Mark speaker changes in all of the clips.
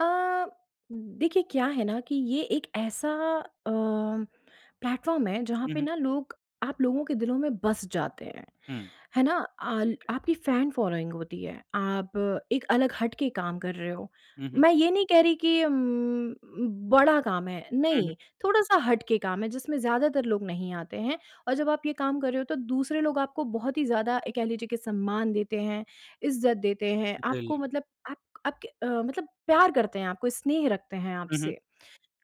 Speaker 1: अ, देखिए क्या है ना कि ये एक ऐसा अ, प्लेटफ़ॉर्म है जहाँ
Speaker 2: हुँ,
Speaker 1: पे
Speaker 2: हुँ।
Speaker 1: ना लोग आप लोगों के दिलों में बस जाते हैं,
Speaker 2: हुँ।
Speaker 1: है ना?
Speaker 2: ठीक
Speaker 1: आल
Speaker 2: है।
Speaker 1: आपकी फैन फ़ॉलोइंग होती है, आप एक अलग हट के काम कर रहे हो।
Speaker 2: हुँ, हुँ।
Speaker 1: मैं ये नहीं कह रही कि उम उम, बड़ा काम है,
Speaker 2: हुँ, हुँ।
Speaker 1: नहीं, थोड़ा-सा हट के काम है जिसमें ज़्यादातर लोग नहीं आते हैं। और जब आप ये काम कर रहे हो तो दूसरे लोग आपको बहुत ही ज़्यादा एक कह लीजिए कि सम्मान देते हैं, इज़्ज़त देते हैं, आपको
Speaker 2: बिल्क
Speaker 1: मतलब आप आपके अ, मतलब प्यार करते हैं, आपको स्नेह रखते हैं
Speaker 2: हुँ, हुँ।
Speaker 1: आपसे।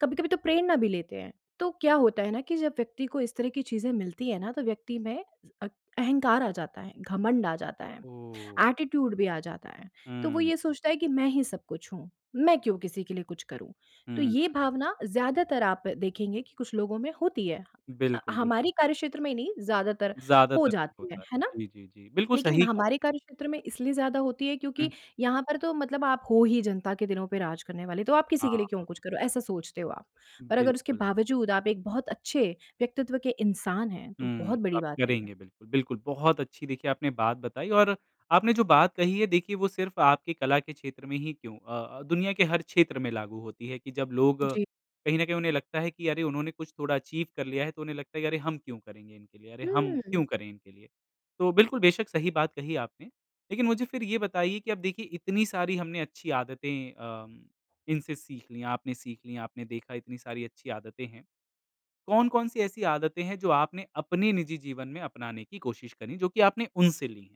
Speaker 1: कभी-कभी तो प्रेरणा भी लेते हैं, तो क्या होता है ना कि जब व्यक्ति को इस तरह की चीज़ें मिलती हैं ना, तो व्यक्ति में अक अहंकार आ जाता है, घमंड आ जाता है।
Speaker 2: ओह!
Speaker 1: एटीट्यूड भी आ जाता है, तो
Speaker 2: हुँ,
Speaker 1: वो ये
Speaker 2: हुँ।
Speaker 1: सोचता है कि मैं ही सब कुछ हूँ, मैं क्यों किसी के लिए कुछ करूँ? तो
Speaker 2: हुँ,
Speaker 1: ये
Speaker 2: हुँ।
Speaker 1: भावना ज़्यादातर आप देखेंगे कि कुछ लोगों में होती है। अ,
Speaker 2: बिल्कुल, बिल
Speaker 1: हमारी कार्यक्षेत्र में नहीं, ज़्यादातर हो
Speaker 2: ज़्यादातर ये
Speaker 1: जाती है,
Speaker 2: होता
Speaker 1: है
Speaker 2: है।
Speaker 1: ना?
Speaker 2: जी, जी, जी। बिल्कुल
Speaker 1: लेकिन
Speaker 2: सही कहा
Speaker 1: हमारे
Speaker 2: आपने।
Speaker 1: कार्यक्षेत्र में इसलिए ज़्यादा होती है क्योंकि
Speaker 2: हुँ।
Speaker 1: यहाँ पर तो मतलब आप हो ही जनता के दिनों पे राज करने वाले, तो आप
Speaker 2: हाँ,
Speaker 1: किसी के लिए क्यों कुछ
Speaker 2: हाँ।
Speaker 1: करो, ऐसा सोचते हो आप, पर अगर उसके
Speaker 2: बिल्कुल।
Speaker 1: बावजूद आप एक बहुत अच्छे व्यक्तित्व के इंसान हैं, तो
Speaker 2: हुँ,
Speaker 1: बहुत बड़ी
Speaker 2: आप
Speaker 1: बात है ये।
Speaker 2: करेंगे बिल्कुल। बिल्कुल, बहुत अच्छी देखिए आपने बात बताई और आपने जो बात कही है देखिए वो सिर्फ आपके कला के क्षेत्र में ही क्यों अ अ, दुनिया के हर क्षेत्र में लागू होती है, कि जब लोग
Speaker 1: जी।
Speaker 2: कहीं न कहीं उन्हें लगता है कि अरे! उन्होंने कुछ थोड़ा अचीव कर लिया है, तो उन्हें लगता है कि अरे! हम क्यों करेंगे इनके लिए अरे! हम
Speaker 1: हुँ।
Speaker 2: क्यों करें इनके लिए? तो बिल्कुल, बेशक सही बात कही आपने, लेकिन मुझे फिर ये बताइए कि अब देखिए इतनी सारी हमने अच्छी आदतें अम, इनसे सीख ली, आपने सीख ली, आपने देखा इतनी सारी अच्छी आदतें हैं। कौन-कौन सी ऐसी आदतें हैं जो आपने अपने निजी जीवन में अपनाने की कोशिश करी, जो की आपने उनसे ली हैं?